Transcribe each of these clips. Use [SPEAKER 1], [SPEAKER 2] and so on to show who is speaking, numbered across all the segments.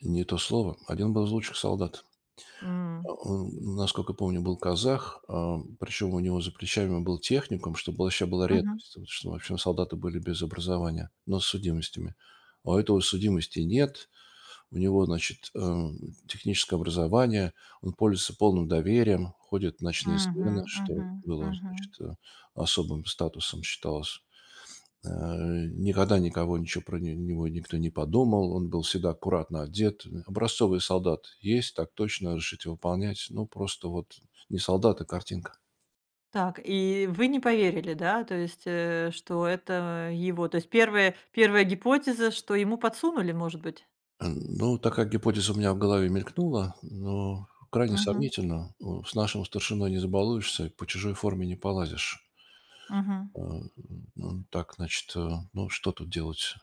[SPEAKER 1] Не то слово. 1 был из лучших солдат.
[SPEAKER 2] М.
[SPEAKER 1] А он, насколько я помню, был казах. Ам, причем у него за плечами был техникум, что было вообще было
[SPEAKER 2] Мгм.
[SPEAKER 1] редкостью, вот, ш ну, в общем, солдаты были без образования, но с судимостями. А у этого судимостей нет. У него, значит, эм, техническое образование, он пользуется полным доверием, ходит в ночные смены,
[SPEAKER 2] Мгм
[SPEAKER 1] что
[SPEAKER 2] мгм
[SPEAKER 1] было,
[SPEAKER 2] мгм.
[SPEAKER 1] значит, э, особым статусом считалось. Э, а, никогда никого ничего про него никто не подумал, он был всегда аккуратно одет, э. Образцовый солдат: "Есть, так точно, разрешите выполнять". Ну, просто вот не солдат, а картинка.
[SPEAKER 2] Так, и вы не поверили, да, то есть, э, что это его, то есть, первая первая гипотеза, что ему подсунули, может быть?
[SPEAKER 1] Ам, ну, такая гипотеза у меня в голове мелькнула, но крайне
[SPEAKER 2] Мгм.
[SPEAKER 1] сомнительно. Ну, с нашим старшиной не забалуешься, по чужой форме не полазишь.
[SPEAKER 2] Мгм.
[SPEAKER 1] А, м, так, значит, э, ну, что тут делать?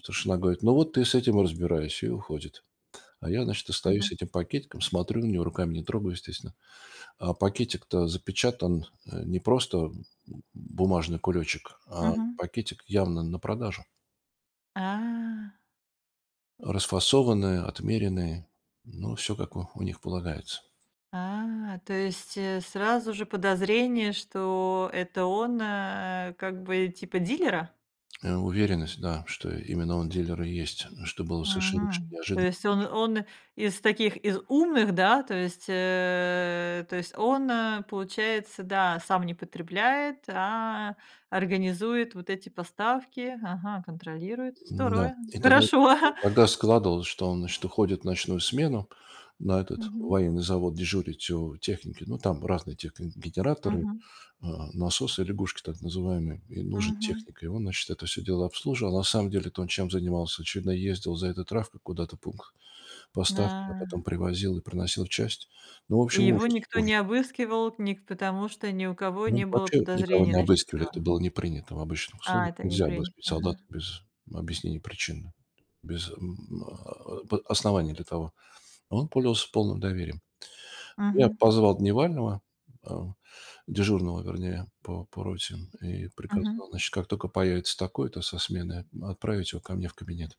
[SPEAKER 1] Старшина говорит: "Ну, вот ты с этим и разбирайся". И уходит. А я, значит, остаюсь
[SPEAKER 2] Мгм.
[SPEAKER 1] с этим пакетиком, смотрю на него, руками не трогаю, естественно. А пакетик-то запечатан, а не просто, м, бумажный кулечек, а
[SPEAKER 2] Мгм.
[SPEAKER 1] пакетик явно на продажу.
[SPEAKER 2] А.
[SPEAKER 1] Расфасованная, отмеренные, ну, всё как у у них полагается.
[SPEAKER 2] А, то есть, э, сразу же подозрение, что это он, а, как бы, типа дилера?
[SPEAKER 1] Э, уверенность, да, что именно он дилер и есть, что было совершеннейше
[SPEAKER 2] Мгм. То
[SPEAKER 1] неожиданно
[SPEAKER 2] есть он
[SPEAKER 1] тоже.
[SPEAKER 2] он из таких, из умных, да, то есть, э, то есть он, а, получается, да, сам не потребляет, а организует вот эти поставки, ага, контролирует.
[SPEAKER 1] М-да,
[SPEAKER 2] Здорово,
[SPEAKER 1] и тогда и
[SPEAKER 2] хорошо, ага.
[SPEAKER 1] тогда складывалось, что он, значит, уходит в ночную смену на этот
[SPEAKER 2] Мгм.
[SPEAKER 1] военный завод дежурить у техники. Ну, там разные тех генераторы,
[SPEAKER 2] Мгм.
[SPEAKER 1] а "насосы-лягушки" так называемые. И нужен
[SPEAKER 2] Мгм.
[SPEAKER 1] техник. И он, значит, это всё дело обслуживал. На самом деле то, он чем занимался,- очевидно, ездил за этой травкой куда-то в пункт
[SPEAKER 2] М,
[SPEAKER 1] поставки, а
[SPEAKER 2] а.
[SPEAKER 1] потом привозил и проносил в часть. Ну, в
[SPEAKER 2] И
[SPEAKER 1] общем,
[SPEAKER 2] его
[SPEAKER 1] ужас
[SPEAKER 2] никто
[SPEAKER 1] ужас.
[SPEAKER 2] не обыскивал, ник потому что ни у кого
[SPEAKER 1] Ну,
[SPEAKER 2] не было
[SPEAKER 1] вообще никого
[SPEAKER 2] подозрений
[SPEAKER 1] не
[SPEAKER 2] насчёт
[SPEAKER 1] обыскивали, это
[SPEAKER 2] него.
[SPEAKER 1] было не принято в обычных
[SPEAKER 2] А,
[SPEAKER 1] условиях.
[SPEAKER 2] это не
[SPEAKER 1] Нельзя
[SPEAKER 2] принято.
[SPEAKER 1] обыскивать
[SPEAKER 2] Ага.
[SPEAKER 1] солдат без объяснения причины, без м, а, а, п оснований для того. А он пользовался полным доверием. Ну, я
[SPEAKER 2] Мгм.
[SPEAKER 1] позвал дневального, а, дежурного, вернее, по по роте, м, и
[SPEAKER 2] Мгм.
[SPEAKER 1] приказал, значит, как тока появится такой-то со сменой, отправить его ко мне в кабинет.